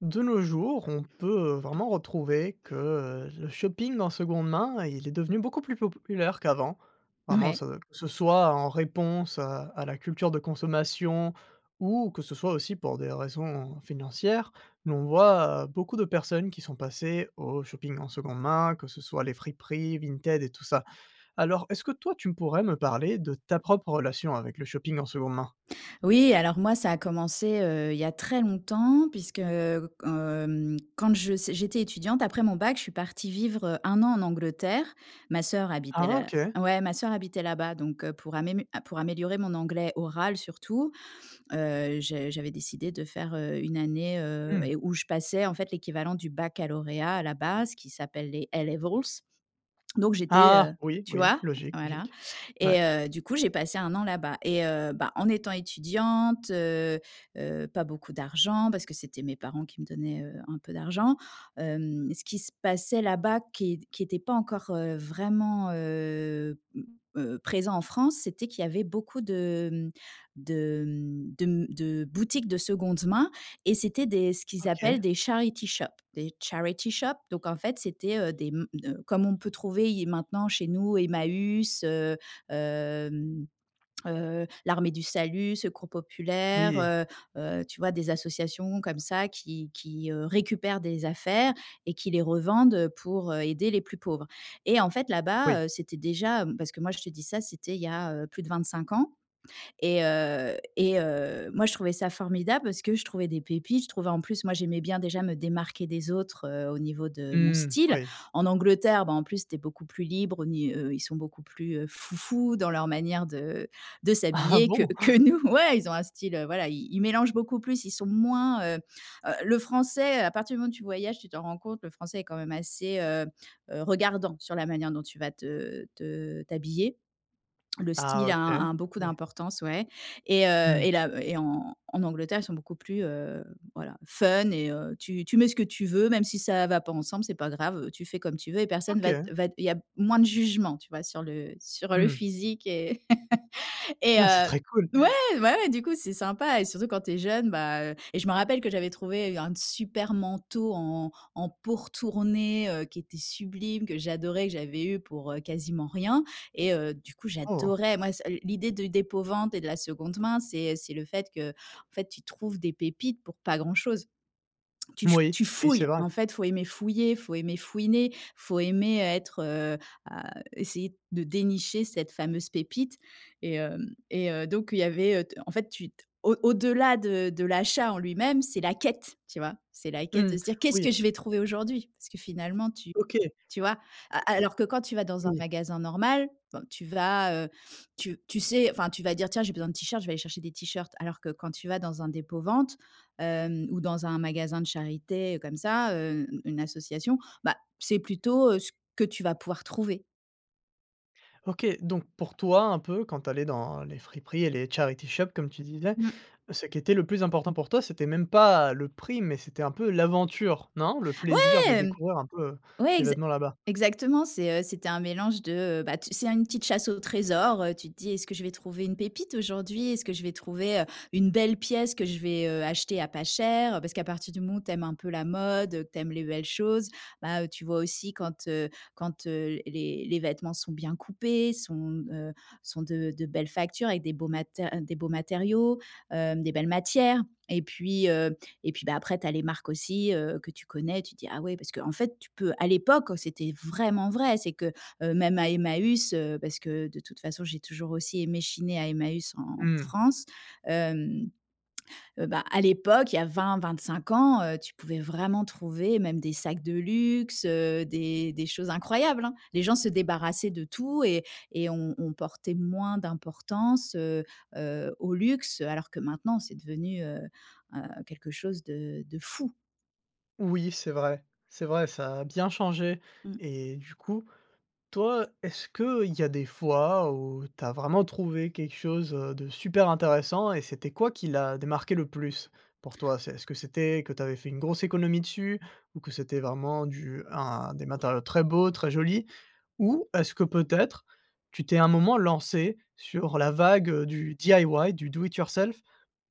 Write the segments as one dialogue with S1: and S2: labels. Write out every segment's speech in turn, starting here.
S1: De nos jours, on peut, heu, vraiment retrouver que, heu, le shopping en seconde main, il est devenu beaucoup plus populaire qu'avant. Vraiment,
S2: Ouais.
S1: ce ce soit en réponse, à à la culture de consommation ou que ce soit aussi pour des raisons financières, mais on voit beaucoup de personnes qui sont passées au shopping en seconde main, que ce soit les friperies, Vinted et tout ça. Alors, est-ce que toi tu pourrais me parler de ta propre relation avec le shopping en seconde main?
S2: Oui, alors, moi, ça a commencé, heu, il y a très longtemps puisque, heu, hem, quand je j'étais étudiante après mon Bac, je suis partie vivre, heu, 1 an en Angleterre. Ma sœur habitait
S1: Ah,
S2: là,
S1: OK!
S2: ouais ma sœur habitait là-bas. Donc, heu, pour amé pour améliorer mon anglais oral surtout, heu, je j'avais décidé de faire, heu, une année, heu,
S1: Mmh.
S2: où je passais en fait l'équivalent du baccalauréat à la base qui s'appelle les A Levels. Donc j'étais, heu
S1: Ah! Oui,
S2: tu
S1: oui,
S2: vois?
S1: logique,
S2: Voilà
S1: logique. Ouais.
S2: et heu, du coup, j'ai passé 1 an là-bas et, heu, bah, en étant étudiante, heu, heu, pas beaucoup d'argent parce que c'était mes parents qui me donnaient, heu, un peu d'argent. Hem, ce qui se passait là-bas, qui est qui était pas encore, heu, vraiment, heu,— heu, présent en France, c'était qu'il y avait beaucoup de, hem, de, hem, de, hem, de boutiques de seconde main et c'était des ce qu'ils appellent
S1: OK.
S2: des charity shop des charity shop. Donc en fait, c'était, heu, des m comme on peut trouver i maintenant chez nous Emmaüs, heu, hem, heu, l'Armée du Salut, Secours
S1: Oui
S2: Populaire,
S1: et
S2: heu heu, tu vois, des associations comme ça qui qui, heu, récupèrent des affaires et qui les revendent pour, heu, aider les plus pauvres. Et en fait,
S1: Oui.
S2: là-bas, heu, c'était déjà, heu parce que moi je te dis ça, c'était il y a, heu, plus de 25 ans et, heu, et heu, moi je trouvais ça formidable parce que je trouvais des pépites. Je trouvais en plus moi j'aimais bien déjà me démarquer des autres, heu, au niveau de mon
S1: Mmh.
S2: style.
S1: Oui.
S2: En Angleterre, bah, en plus, tu es beaucoup plus libre. Au ni heu, ils sont beaucoup plus, heu, «foufous» dans leur manière de, heu, de
S1: Ah
S2: s'habiller que
S1: bon?
S2: que nous. Ouais, Ils ont un style, voilà i ils mélangent beaucoup plus. Ils sont moins heu, heu, le Français, à partir du moment où tu voyages, tu t'en rends compte, le Français est quand même assez, heu heu, regardant sur la manière dont tu vas te, heu te, heu, t'habiller. Le
S1: Ah
S2: style a
S1: OK.
S2: a beaucoup
S1: Ouais.
S2: d'importance, ouais et, heu
S1: Mmh.
S2: et là et en en Angleterre ils sont beaucoup plus, heu, voilà, fun et, heu, tu tu mets ce que tu veux même si ça va pas ensemble, c'est pas grave, tu fais comme tu veux et personne va
S1: OK.
S2: va il y a moins de jugement, tu vois, sur le sur le
S1: Mmh.
S2: physique et et,
S1: Ouais. C'est
S2: heu,
S1: très cool!
S2: ouais. Bah ouais, du coup, c'est sympa et surtout quand tu es jeune. Bah, et je me rappelle que j'avais trouvé un super manteau en en peau retournée, heu, qui était sublime, que j'adorais, que j'avais eu pour, heu, quasiment rien et, heu, du coup
S1: Oh!
S2: j'adorais. Moi c l'idée du dépôt vente et de la seconde main, c'est c'est le fait qu'en fait tu trouves des pépites pour pas grand chose. Tu f
S1: Oui.
S2: tu
S1: Oui.
S2: fouilles,
S1: C'est vrai.
S2: en fait. Il faut aimer fouiller, il faut aimer fouiner, il faut aimer être, heu, à essayer de dénicher cette fameuse pépite et, hem, et heu, donc il y avait en fait, tu t au au-delà de de l'achat en lui-même, c'est la quête, tu vois. C'est la quête de
S1: Mmh.
S2: se dire: «Qu'est-ce
S1: Oui.
S2: que je vais trouver aujourd'hui?» parce que finalement, tu
S1: OK.
S2: tu vois? Alors que quand tu vas dans un
S1: Oui.
S2: magasin normal, tu vas, heu, tu tu sais enfin tu vas dire: «Tiens, j'ai besoin de t-shirts, je vais aller chercher des t-shirts.» alors que quand tu vas dans un dépôt-vente, heu, ou dans un magasin de charité comme ça, heu, une association, bah c'est plutôt, heu, ce que tu vas pouvoir trouver.
S1: OK. Donc pour toi, un peu, quand tu allais dans les friperies et les charity shop comme tu disais,
S2: Mmh.
S1: ce qui était le plus important pour toi, c'était même pas le prix, mais c'était un peu l'aventure, non? Le plaisir de
S2: Ouais.
S1: découvrir un peu, heu,
S2: Ouais,
S1: des
S2: exa
S1: vêtements là-bas?
S2: exactement. C'est, heu, c'était un mélange de, heu, bah c'est une petite chasse aux trésors, heu, tu te dis: «Est-ce que je vais trouver une pépite aujourd'hui? Est-ce que je vais trouver, heu, une belle pièce que je vais, heu, acheter à pas cher?» parce qu'à partir du moment où tu aimes un peu la mode, que tu aimes les belles choses, bah, heu, tu vois aussi quand, heu quand, heu, les les vêtements sont bien coupés, sont, heu, sont de de belles factures, avec des beaux mater des beaux matériaux, heu, des belles matières. Et puis, heu, et puis, bah, après tu as les marques aussi, heu, que tu connais. Tu dis: «Ah ouais!» parce qu'en fait, tu peux à l'époque, c'était vraiment vrai, c'est que, heu, même à Emmaüs, parce que de toute façon j'ai toujours aussi aimé chiner à Emmaüs en
S1: Mmh.
S2: France. Hem, heu, bah, à l'époque, il y a 20-25 ans, heu, tu pouvais vraiment trouver même des sacs de luxe, heu, des des choses incroyables, hein? Les gens se débarrassaient de tout et et on on portait moins d'importance, heu heu, au luxe, alors que maintenant c'est devenu, heu, heu, quelque chose de de fou.
S1: Oui, c'est vrai c'est vrai, ça a bien changé.
S2: Mmh.
S1: Et du coup, toi, est-ce qu'il y a des fois où tu as vraiment trouvé quelque chose, heu, de super intéressant? Et c'était quoi qui l'a démarqué le plus pour toi? C'est est-ce que c'était que tu avais fait une grosse économie dessus? Ou que c'était vraiment du un des matériaux très beaux, très jolis? Ou est-ce que peut-être tu t'es, un moment, lancée sur la vague, heu, du DIY, du do it yourself,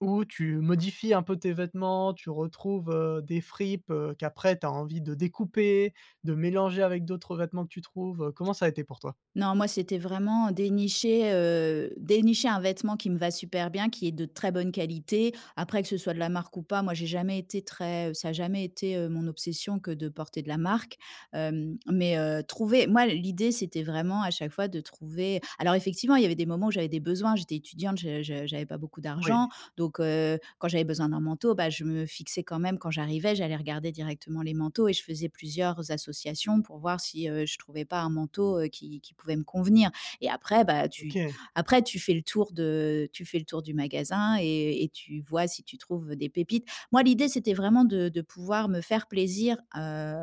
S1: où tu modifies un peu tes vêtements, tu retrouves, heu, des fripes, heu, qu'après tu as envie de découper, de mélanger avec d'autres vêtements que tu trouves, heu? Comment ça a été pour toi?
S2: Non, moi c'était vraiment dénicher, heu, dénicher un vêtement qui me va super bien, qui est de très bonne qualité. Après, que ce soit de la marque ou pas, moi j'ai jamais été très ça a jamais été, heu, mon obsession que de porter de la marque. Hem, mais, heu, trouver moi l'idée, c'était vraiment à chaque fois de trouver alors effectivement, il y avait des moments où j'avais des besoins. J'étais étudiante, je je j'avais pas beaucoup
S1: Oui.
S2: d'argent. Donc, heu, quand j'avais besoin d'un manteau, bah, je me fixais quand même quand j'arrivais. J'allais regarder directement les manteaux et je faisais plusieurs associations pour voir si, heu, je trouvais pas un, heu, qui qui pouvait me convenir. Et après, bah, tu
S1: OK.
S2: après tu fais le tour de heu, tu fais le tour du magasin et et tu vois si tu trouves des pépites. Moi, l'idée, c'était vraiment de de pouvoir me faire plaisir, heu,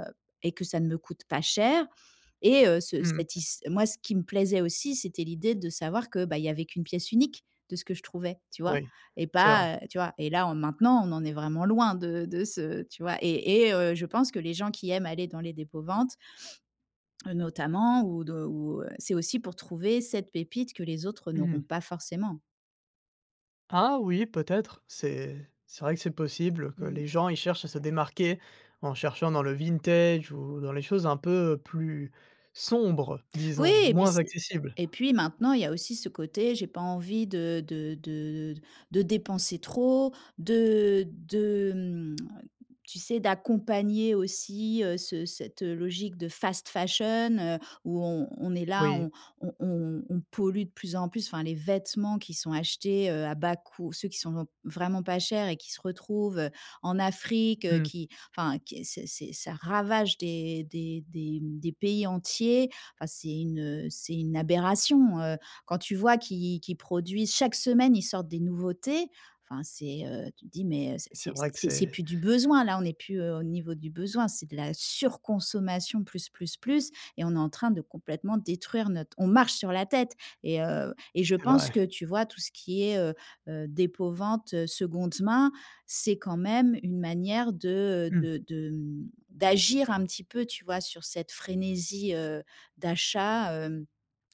S2: et que ça ne me coûte pas cher. Et, heu, ce
S1: Mmh.
S2: satis moi ce qui me plaisait aussi, c'était l'idée de savoir que, bah, il y avait qu'une pièce unique de ce que je trouvais, tu vois,
S1: Oui.
S2: et
S1: C'est vrai.
S2: pas, heu tu vois, et là en maintenant, on en est vraiment loin de de ce tu vois et et, heu, je pense que les gens qui aiment aller dans les dépôts-ventes heu, notamment ou de ou, c'est aussi pour trouver cette pépite que les autres n'auront
S1: Mmh.
S2: pas forcément.
S1: Ah oui, peut-être, c'est c'est vrai que c'est possible, que les
S2: Mmh.
S1: gens ils cherchent à se démarquer en cherchant dans le vintage ou dans les choses un peu plus sombres
S2: Oui,
S1: disons,
S2: et puis
S1: moins
S2: c'est
S1: accessibles.
S2: et puis maintenant, il y a aussi ce côté «j'ai pas envie de de de de dépenser trop», de de, hem, tu sais, d'accompagner aussi, heu, ce cette logique de fast fashion, heu, où on on est là,
S1: Oui.
S2: on on on on pollue de plus en plus enfin, les vêtements qui sont achetés, heu, à bas coût ceux qui sont vraiment pas chers et qui se retrouvent, heu, en Afrique, heu,
S1: Mmh.
S2: qui enfin qui c'est c'est ça ravage des des des, mmh, des pays entiers. Enfin, c'est une, heu, c'est une aberration, heu. Quand tu vois qu'ils qu'ils produisent chaque semaine ils sortent des nouveautés, enfin c'est, heu tu te dis: «Mais, heu,
S1: C'est
S2: c'est c'est
S1: vrai que
S2: c'est c'est
S1: c'est
S2: plus du besoin là, on n'est plus au niveau du besoin, c'est de la surconsommation plus, plus, plus et on est en train de complètement détruire notre on marche sur la tête», et heu, et je
S1: C'est
S2: pense
S1: vrai.
S2: que, tu vois, tout ce qui est, heu heu, dépôt-vente, seconde main, c'est quand même une manière de, heu,
S1: Mmh.
S2: de de, hem, d'agir un petit peu, tu vois, sur cette frénésie, heu, d'achat, heu,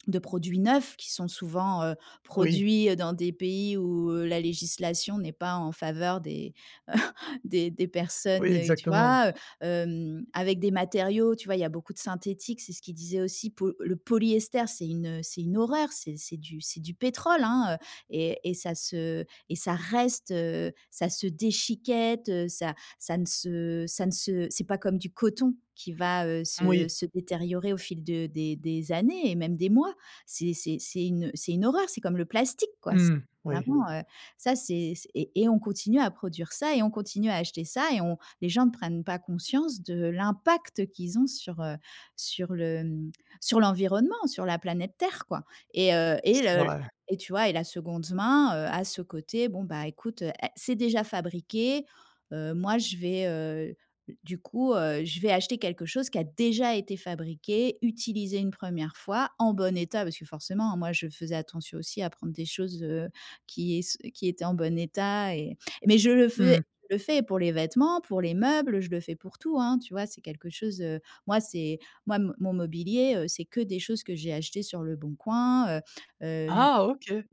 S2: de produits neufs, qui sont souvent, heu,
S1: Oui.
S2: produits, heu, dans des pays où, heu, la législation n'est pas en faveur des des des personnes
S1: Oui,
S2: et tu
S1: exactement.
S2: vois, heu? Hem, avec des matériaux, tu vois, il y a beaucoup de synthétique, c'est ce qu'ils disaient aussi, po le polyester c'est une, heu, c'est une horreur, c'est c'est du c'est du pétrole, hein, et et ça se et ça reste, heu, ça se déchiquette, ça ça ne se ça ne se c'est pas comme du coton qui va, heu, se
S1: Moui.
S2: se détériorer au fil de des des années et même des mois. C'est c'est c'est une, heu, c'est une horreur, c'est comme le plastique quoi. C'est
S1: Mmh, oui.
S2: vraiment, heu, ça c'est c'est et et on on continue à produire ça et on continue à acheter ça et on les gens ne prennent pas conscience de l'impact qu'ils ont sur, heu, sur le sur l'environnement, sur la planète Terre, quoi. Et heu, et
S1: C'est
S2: le
S1: vrai.
S2: et tu vois et la seconde main, heu, a ce côté: «Bon, bah, écoute, è c'est déjà fabriqué, heu, moi, je vais, heu, du coup, heu, je vais acheter quelque chose qui a déjà été fabriqué, utilisé une 1re fois, en bon état», parce que forcément, moi, je faisais attention aussi à prendre des choses, heu, qui es qui étaient en bon état et mais je le faisais
S1: Mmh.
S2: le fais pour les vêtements, pour les meubles, je le fais pour tout, hein, tu vois? C'est quelque chose, heu moi c'est moi mo mon mobilier, heu, c'est que des choses que j'ai achetées sur Leboncoin, heu, heu, vu
S1: Ah, OK!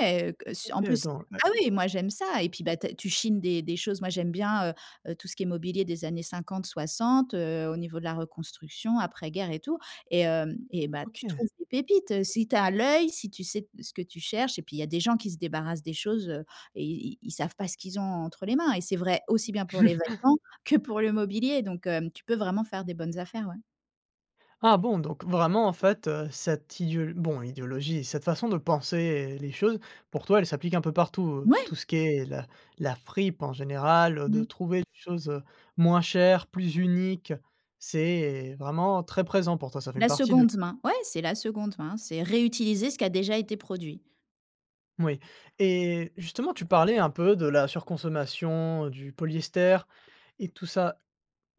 S2: ouais, ouais, que en plus ah
S1: OK.
S2: oui, moi j'aime ça et
S1: [unintelligible]
S2: puis, bah, tu as tu chines des des choses. Moi j'aime bien, heu heu, tout ce qui est mobilier des années 50-60, heu, au niveau de la reconstruction, après-guerre et tout et hem, et bah, tu
S1: OK.
S2: trouves des pépites, si tu as l'œil, si tu sais te ce que tu cherches. Et puis, il y a des gens qui se débarrassent des choses et ils ils savent pas ce qu'ils ont entre les mains et c'est vrai, aussi bien pour les vêtements que pour le mobilier donc, hem, tu peux vraiment faire des bonnes affaires, ouais.
S1: Ah bon! Donc vraiment en fait, heu, cette idéo bon idéologie, cette façon de penser les choses pour toi elle s'applique un peu partout.
S2: Ouais!
S1: Tout ce qui est l la fripe en général, de
S2: Mmh.
S1: trouver les choses, heu, moins chères, plus uniques, c'est vraiment très présent pour toi. Ça fait une
S2: La
S1: partie de
S2: seconde main. Ouais! C'est la seconde main. C'est réutiliser ce qui a déjà été produit.
S1: Moui. Et justement tu parlais un peu de la surconsommation du polyester et tout ça.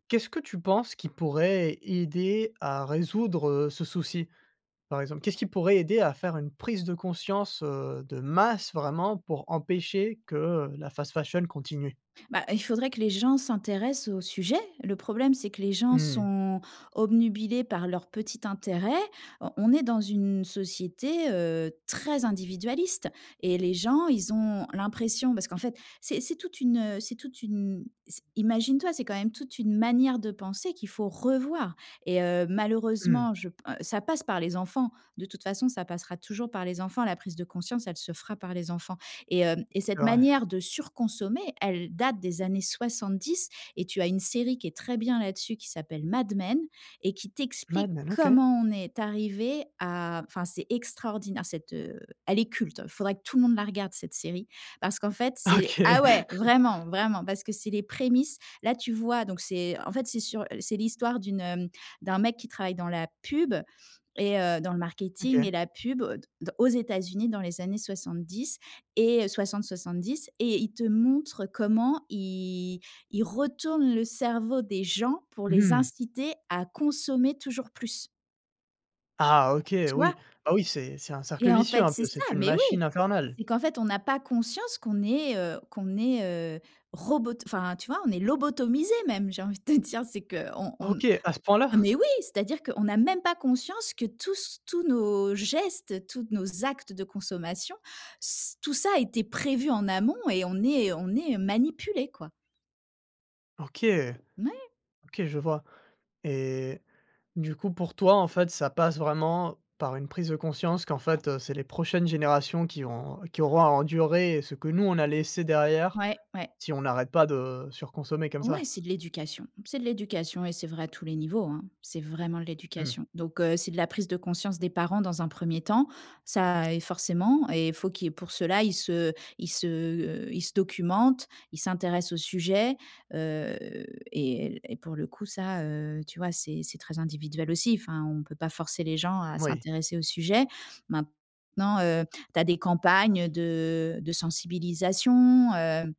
S1: Qu'est-ce que tu penses qui pourrait aider à résoudre ce souci, par exemple? Qu'est-ce qui pourrait aider à faire une prise de conscience, heu, de masse vraiment pour empêcher que, heu, la fast-fashion continue?
S2: Bah, il faudrait que les gens s'intéressent au sujet. Le problème, c'est que les
S1: Mmh
S2: gens
S1: mh.
S2: sont obnubilés par leur petit intérêt. Heu, on est dans une société, heu, très individualiste et les gens, ils ont l'impression parce qu'en fait c’est c'est toute une, heu c'est toute une c imagine-toi, c'est quand même toute une manière de penser qu'il faut revoir. Et heu,
S1: Mmh.
S2: malheureusement, je p ça passe par les enfants. De toute façon, ça passera toujours par les enfants. La prise de conscience, elle se fera par les enfants. Et hem, et
S1: C’est
S2: cette
S1: vrai.
S2: manière de surconsommer, elle date des années 70. Et tu as une série qui est très bien là-dessus qui s'appelle Mad Men et qui
S1: Mad
S2: t'explique
S1: Men? OK.
S2: comment on est arrivés à enfin c'est extraordinaire cette, heu elle est culte. Faudrait que tout le monde la regarde cette série, parce qu'en fait c'est
S1: OK
S2: ah ouais vraiment, vraiment parce que c'est les prémices. Là, tu vois, donc, c'est, en fait, c'est sur c'est l'histoire d'une, hem d'un mec qui travaille dans la pub et heu dans le marketing
S1: OK.
S2: et la pub d d aux États-Unis dans les années 70 et 60-70 et il te montre comment il il retourne le cerveau des gens pour
S1: Mmh
S2: les
S1: mh.
S2: inciter à consommer toujours plus.
S1: Ah, OK!
S2: Tu
S1: Oui.
S2: vois?
S1: Bah oui, c'est c'est un cercle
S2: Et en
S1: vicieux,
S2: fait,
S1: un
S2: c'est
S1: peu. C’est
S2: ça!
S1: une
S2: Mais
S1: machine
S2: oui!
S1: infernale.
S2: C'est qu'en fait on a pas conscience qu'on est, heu qu'on est, heu, robot enfin, tu vois, on est lobotomisés même j'ai envie de te dire. C'est qu’on on n
S1: OK, à ce
S2: Ah
S1: point-là?
S2: mais oui! ...c'est-à-dire qu'on a même pas conscience que tous s tous nos gestes, toutes nos actes de consommation, s tout ça a été prévu en amont et on est on est manipulés, quoi.
S1: OK!
S2: Moui!
S1: OK, je vois et du coup pour toi en fait ça passe vraiment par une prise de conscience qu'en fait, heu, c'est les prochaines générations qui vont qui auront à endurer ce que nous on a laissé derrière,
S2: Ouais, ouais.
S1: si on n'arrête pas de surconsommer comme
S2: Ouais,
S1: ça?
S2: c'est de l'éducation, c'est de l'éducation et c'est vrai à tous les niveaux hein, c'est vraiment de
S1: Mmh.
S2: l'éducation. Donc heu c'est de la prise de conscience des parents dans un premier temps, ça et forcément et faut qu'il y ait pour cela ils se ils se heu ils se documentent, ils s'intéressent au sujet heu et et pour le coup ça heu tu vois, c'est c'est très individuel aussi. Enfin on peut pas forcer les gens à
S1: Oui.
S2: s'intéresser au sujet. Maintenant, heu, tu as des campagnes de de sensibilisation, heu,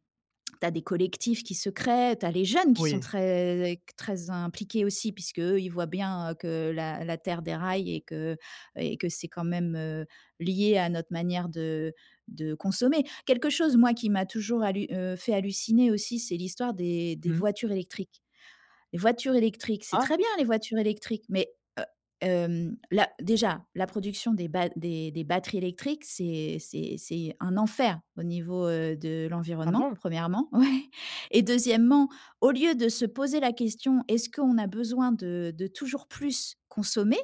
S2: tu as des collectifs qui se créent, tu as les jeunes qui sont
S1: Oui.
S2: très très impliqués aussi puisque eux ils voient bien heu que la la terre déraille et que et que c'est quand même, heu, lié à notre manière de de consommer. Quelque chose moi qui m'a toujours hallu heu, fait halluciner aussi c'est l'histoire des des
S1: Mmh.
S2: voitures électriques. Les voitures électriques, c'est très
S1: Ah!
S2: bien les voitures électriques mais, heu, hem, la déjà la production des batt des des batteries électriques c'est c'est c'est un enfer au niveau, heu, de
S1: Ah
S2: l'environnement
S1: bon?
S2: 1°. Ouais et 2°, au lieu de se poser la question, est-ce qu'on a besoin de de toujours plus consommer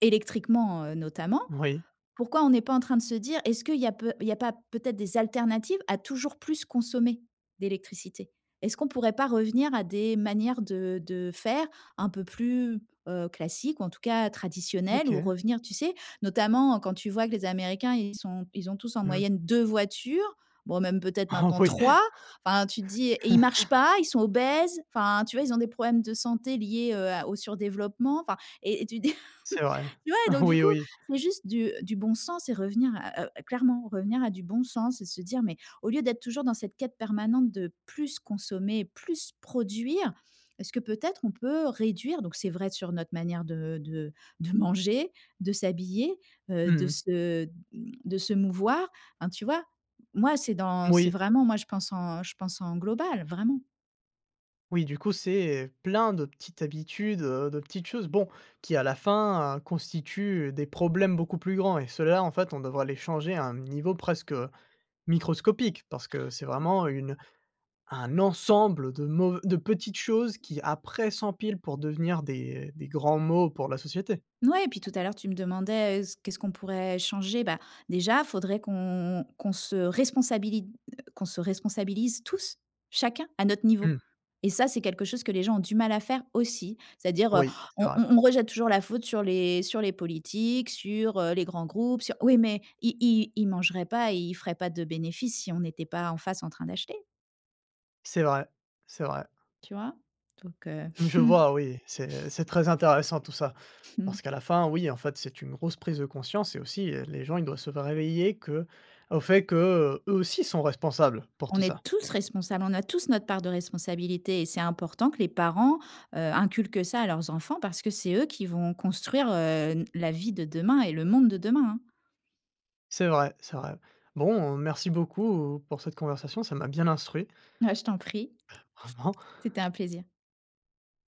S2: électriquement, heu, notamment,
S1: Oui.
S2: pourquoi on n'est pas en train de se dire, est-ce qu'il y a peu il y a pas peut-être des alternatives à toujours plus consommer d'électricité? Est-ce qu'on pourrait pas revenir à des manières de de faire un peu plus, heu, classiques ou en tout cas traditionnelles? Ou
S1: OK.
S2: revenir, tu sais, notamment quand tu vois que les Américains, ils sont ils ont tous en
S1: Mmh.
S2: moyenne 2 voitures, bon même peut-être
S1: Oh
S2: maintenant
S1: oui!
S2: 3 enfin tu dis et ils marchent pas ils sont obèses enfin tu vois? Ils ont des problèmes de santé liés, heu, à au surdéveloppement enfin et et tu dis
S1: C'est vrai
S2: ouais donc du
S1: oui,
S2: coup
S1: oui.
S2: c'est juste du du bon sens et revenir à heu à clairement revenir à du bon sens. Et se dire mais au lieu d'être toujours dans cette quête permanente de plus consommer, plus produire, est-ce que peut-être on peut réduire donc c'est vrai sur notre manière de de de manger, de s'habiller, heu, de
S1: Mmh.
S2: se, mmh, de se mouvoir? Enfin, tu vois? Moi c'est dans c'est
S1: Oui.
S2: vraiment moi je pense en je pense en global vraiment.
S1: Oui, du coup, c'est, heu, plein de petites habitudes, heu, de petites choses, bon, qui, à la fin, heu, constituent des problèmes beaucoup plus grands et ceux-là, en fait, on devrait les changer à un niveau presque microscopique, parce que c'est vraiment une un ensemble de de mauv de petites choses qui, après, s'empilent pour devenir des des grands maux pour la société.
S2: Ouais et puis, tout à l'heure, tu me demandais: «s qu'est-ce qu'on pourrait changer?», bah, déjà, faudrait qu'on qu'on se responsabili heu, qu'on se responsabilise tous, chacun, à notre niveau
S1: Mmh.
S2: et ça, c'est quelque chose que les gens ont du mal à faire, aussi. C'est-à-dire, heu,
S1: Oui, c'est
S2: on
S1: vrai.
S2: on on rejette toujours la faute sur les sur les politiques, sur, heu, les grands groupes, sur oui, mais ils ils ils mangeraient pas et ils feraient pas de bénéfices, si on n'était pas en face, en train d'acheter!
S1: C'est vrai, c'est vrai.
S2: Tu vois? Donc, heu
S1: Je vois, oui. C'est c'est très intéressant tout ça, parce qu'à la fin, oui, en fait, c'est une grosse prise de conscience et aussi, heu, les gens, ils doivent se faire réveiller que au fait que, heu, eux, aussi, sont responsables pour
S2: On
S1: tout ça.
S2: est tous responsables. On a tous notre part de responsabilité et c'est important que les parents, heu, inculquent ça à leurs enfants, parce que c'est eux qui vont construire, heu, n la vie de demain et le monde de demain, hein.
S1: C'est vrai, c'est vrai. Bon, heu, merci beaucoup pour cette conversation. Ça m'a bien instruit.
S2: Ouais. Je t'en prie.
S1: Vraiment.
S2: C'était un plaisir.